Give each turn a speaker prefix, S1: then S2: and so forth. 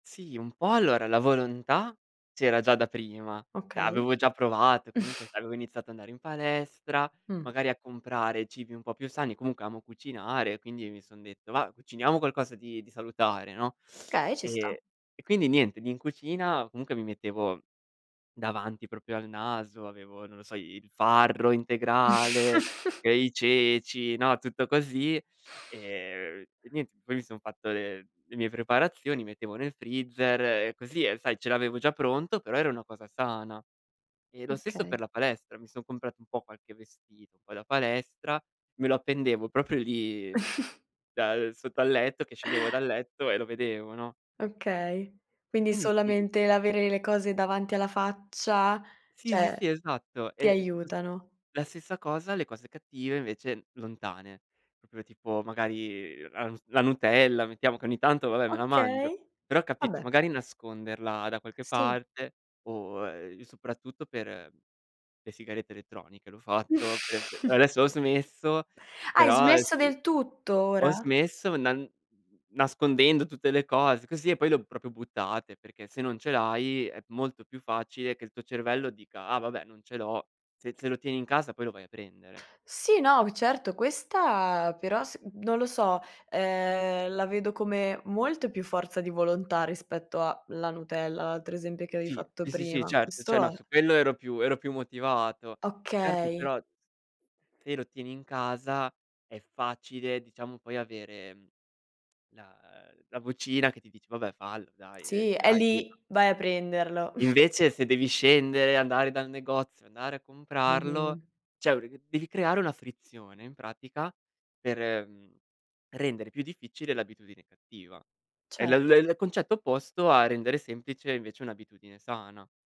S1: Sì un po', allora la volontà c'era già da prima, cioè
S2: Okay
S1: avevo già provato e comunque sai, avevo iniziato ad andare in palestra,
S2: Mh.
S1: magari a comprare cibi un po' più sani, comunque amo cucinare, quindi mi son detto: "Va b cuciniamo qualcosa di di salutare, no."
S2: Okay, ci sta.
S1: E e quindi niente, lì in cucina, comunque mi mettevo davanti proprio al naso, avevo non lo so, i il farro integrale, e i ceci, no, tutto così; ehm, e niente, poi mi son fatto le le mie preparazioni, mettevo nel freezer e così, e sai ce l'avevo già pronto, però era una cosa sana. E lo stesso per
S2: Okay.
S1: la palestra: mi son comprato un po' qualche vestito poi da palestra, me lo appendevo, proprio lì, da uhm, sotto al letto, che scendevo dal letto e lo vedevo, no?
S2: Okay.
S1: E
S2: Quindi
S1: quindi sì
S2: solamente l'avere le cose davanti alla faccia,
S1: Sì, sì, sì
S2: cioè,
S1: esatto, e
S2: ti
S1: e lo s
S2: aiutano.
S1: e la stessa cosa, le cose cattive invece lontane, proprio tipo magari ras la nutella, mettiamo che ogni tanto, vabbè, me la mangio;
S2: Okay.
S1: però capito,
S2: Vabbè.
S1: magari nasconderla da qualche
S2: Sì.
S1: parte o uhm, soprattutto per le sigarette elettroniche l'ho fatto pe adesso ho smesso,
S2: Hai
S1: però, ehm,
S2: smesso
S1: sì,
S2: del tutto
S1: ho
S2: ora?
S1: smesso nan n n nascondendo tutte le cose così, e poi le ho proprio buttate, perché se non ce l'hai è molto più facile che il tuo cervello dica: "Ah vabbè, non ce l'ho." Se se lo tieni in casa poi lo vai a prendere.
S2: Sì, no, v certo, questa però s non lo so, ehm, la vedo come molta più forza di volontà rispetto a la nutella, l'altro esempio che avevi
S1: Sì,
S2: fatto
S1: sì, sì,
S2: prima.
S1: certo, cioè
S2: Questo
S1: no,
S2: è
S1: su quello ero più ero più motivato. Certo,
S2: Okay.
S1: però se lo tieni in casa è facile diciamo poi avere, mhmm, la uhm, la vocina che ti dice: "Vabbè fallo dai, uhm,
S2: Sì,
S1: ce
S2: è
S1: l'hai" [unintelligible]
S2: lì, vai a prenderlo.
S1: Invece se devi scendere, andare dal negozio, andare a comprarlo,
S2: Mh-mh.
S1: cioè [unintelligible] devi creare una frizione in pratica per, mhmm, rendere più difficile l'abitudine cattiva. È l l
S2: Certo.
S1: il concetto opposto a rendere semplice invece un'abitudine sana.